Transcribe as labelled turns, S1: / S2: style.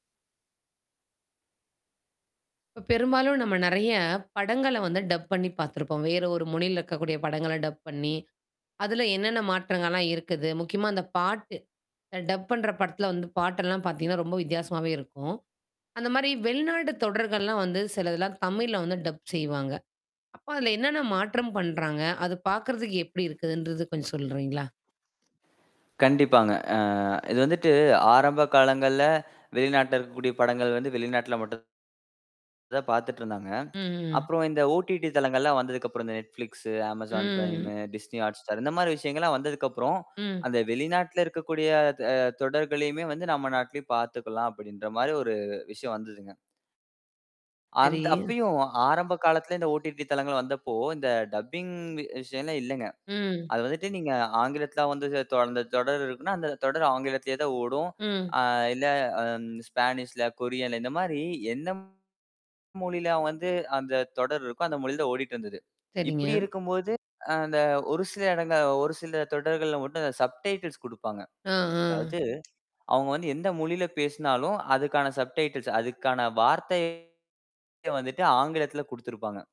S1: இப்ப பெரும்பாலும் நம்ம நிறையப் படங்கள வந்து டப் பண்ணி பார்த்திருப்போம். வேறொரு மொழியில இருக்கக்கூடிய படங்கள டப் பண்ணி, அதுல என்னென்ன மாற்றங்கள்லாம் இருக்குது? முக்கியமா, அந்தப் பாட்டு. அ டப் பண்ற படத்துல வந்து பாட்டு எல்லாம் பார்த்தீங்கன்னா, ரொம்ப வித்தியாசமாவே இருக்கும். அந்த மாதிரி வெளிநாட்டு தொடர்கள் எல்லாம் வந்து சிலது எல்லாம் தமிழ்ல வந்து டப் செய்வாங்க. அப்ப அதுல என்னென்ன மாற்றம் பண்றாங்க? அது பார்க்கிறதுக்கு எப்படி இருக்குதுன்றதை கொஞ்சம் சொல்றீங்களா?
S2: கண்டிப்பாங்க. அ இது வந்துட்டு, ஆரம்ப காலங்கள்ல வெளிநாட்டில இருக்கக்கூடிய படங்கள் வந்து வெளிநாட்டில் மட்டும் தான் பாத்துட்டு இருந்தாங்க.
S1: ம், ம், ம்.
S2: அப்புறம் இந்த OTT தளங்கள்லாம் வந்ததுக்கு அப்புறம், இந்த Netflix, Amazon Prime,
S1: ம்.
S2: Disney Hotstar இந்த மாதிரி விஷயங்கள்லாம் வந்ததுக்கு அப்புறம்,
S1: ம்.
S2: அந்த வெளிநாட்டில இருக்கக்கூடிய த தொடர்களையுமே வந்து, நம்ம நாட்டுலயு பாத்துக்கலாம் அப்படின்ற மாதிரி ஒரு விஷயம் வந்ததுங்க. அந்
S1: சரி.
S2: அப்பயும் ஆரம்ப காலத்துல இந்த OTT தளங்கள் வந்தப்போ, இந்த டப்பிங் விஷயன்னே இல்லங்க.
S1: ம்.
S2: அது வந்துட்டு நீங்க ஆங்கிலத்துல வந்து தொ அந்த தொடர் இருக்குன்னா, அந்தத் தொடர் ஆங்கிலத்திலேயா தான் ஓடும்.
S1: ம்.
S2: இல்ல ஸ்பானீஷ்ல, கொரியன்ல இந்த மாதிரி எந்த மொழியில வந்து அந்தத் தொடர் இருக்கோ, அந்த மொழிதான் ஓடிட்டு இருந்தது.
S1: சரிங்க.
S2: இப்படி இருக்கும்போது, அந்த ஒரு சில இடங்கள் ஒரு சில தொடர்கள் மட்டும் சப்டைட்டில்ஸ் கொடுப்பாங்க.
S1: ஆஹ், ஆஹ்.
S2: அதாவது, அவங்க வந்து எந்த மொழியில பேசினாலும் அதுக்கான சப்டைட்டில்சஸ், அதுக்கான வார்த்தைகளை வந்துட்டு ஆங்கிலத்துல கொடுத்திருப்பாங்க.